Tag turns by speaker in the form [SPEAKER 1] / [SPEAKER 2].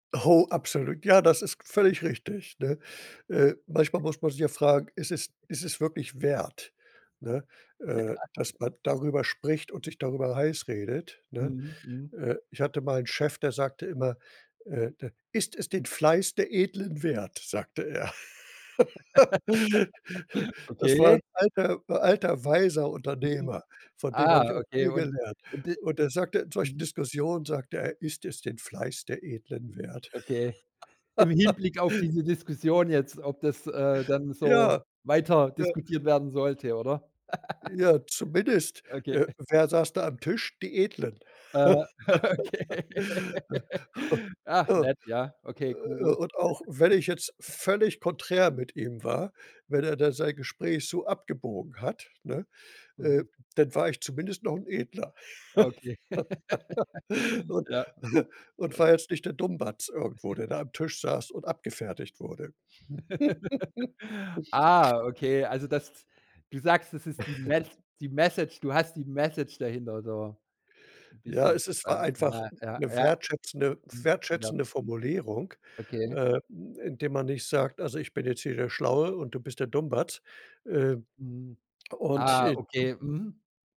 [SPEAKER 1] Oh, absolut. Ja, das ist völlig richtig, ne? Äh, manchmal muss man sich ja fragen: „Ist es ist es wirklich wert, ne, äh,
[SPEAKER 2] Ja.
[SPEAKER 1] dass man darüber spricht und sich darüber heiß redet“, ne?
[SPEAKER 2] Mhm, mhm.
[SPEAKER 1] Äh, ich hatte mal 'n Chef, der sagte immer: „Äh, d ist es den Fleiß der Edlen wert?“, sagte er. Das war
[SPEAKER 2] Okay.
[SPEAKER 1] 'n alter alter weiser
[SPEAKER 2] Mhm.
[SPEAKER 1] Unternehmer, von dem
[SPEAKER 2] Ah,
[SPEAKER 1] habe ich auch
[SPEAKER 2] okay
[SPEAKER 1] viel
[SPEAKER 2] und
[SPEAKER 1] gelernt.
[SPEAKER 2] und d
[SPEAKER 1] Und er sagte in solchen
[SPEAKER 2] mhm.
[SPEAKER 1] Diskussionen, sagte er: „Ist es den Fleiß der Edlen wert?“
[SPEAKER 2] Okay. Im Hinblick auf diese Diskussion jetzt, ob das, äh, dann so
[SPEAKER 1] Ja,
[SPEAKER 2] weiter
[SPEAKER 1] ja.
[SPEAKER 2] diskutiert werden sollte, oder?
[SPEAKER 1] Ja, zumindest,
[SPEAKER 2] Okay.
[SPEAKER 1] äh, wer saß da am Tisch? Die Edlen.
[SPEAKER 2] Äh, okay. Ach
[SPEAKER 1] Äh,
[SPEAKER 2] nett, ja. Okay, cool.
[SPEAKER 1] und auch wenn ich jetzt völlig konträr mit ihm war, wenn er da sein Gespräch so abgebogen hat, ne, äh,
[SPEAKER 2] Mhm.
[SPEAKER 1] dann war ich zumindest noch 'n Edler.
[SPEAKER 2] Okay.
[SPEAKER 1] Und
[SPEAKER 2] Ja,
[SPEAKER 1] und
[SPEAKER 2] das
[SPEAKER 1] war jetzt nicht der Dummbatz irgendwo, der da am Tisch saß und abgefertigt wurde.
[SPEAKER 2] Ah, okay. Also, das du sagst, das ist die Mes die Message du hast die Message dahinter so 'n
[SPEAKER 1] Ja,
[SPEAKER 2] bisschen
[SPEAKER 1] es ist war
[SPEAKER 2] verstanden.
[SPEAKER 1] einfach
[SPEAKER 2] Ja,
[SPEAKER 1] 'n
[SPEAKER 2] ja,
[SPEAKER 1] 'ne
[SPEAKER 2] ja.
[SPEAKER 1] wertschätzende
[SPEAKER 2] Mhm. Ja.
[SPEAKER 1] wertschätzende Formulierung,
[SPEAKER 2] Okay.
[SPEAKER 1] äh, hm, indem man nicht sagt: „Also, ich bin jetzt hier der Schlaue und du bist der Dummbatz.“ Äh,
[SPEAKER 2] Mhm.
[SPEAKER 1] und,
[SPEAKER 2] Ah,
[SPEAKER 1] äh
[SPEAKER 2] okay. Mhm.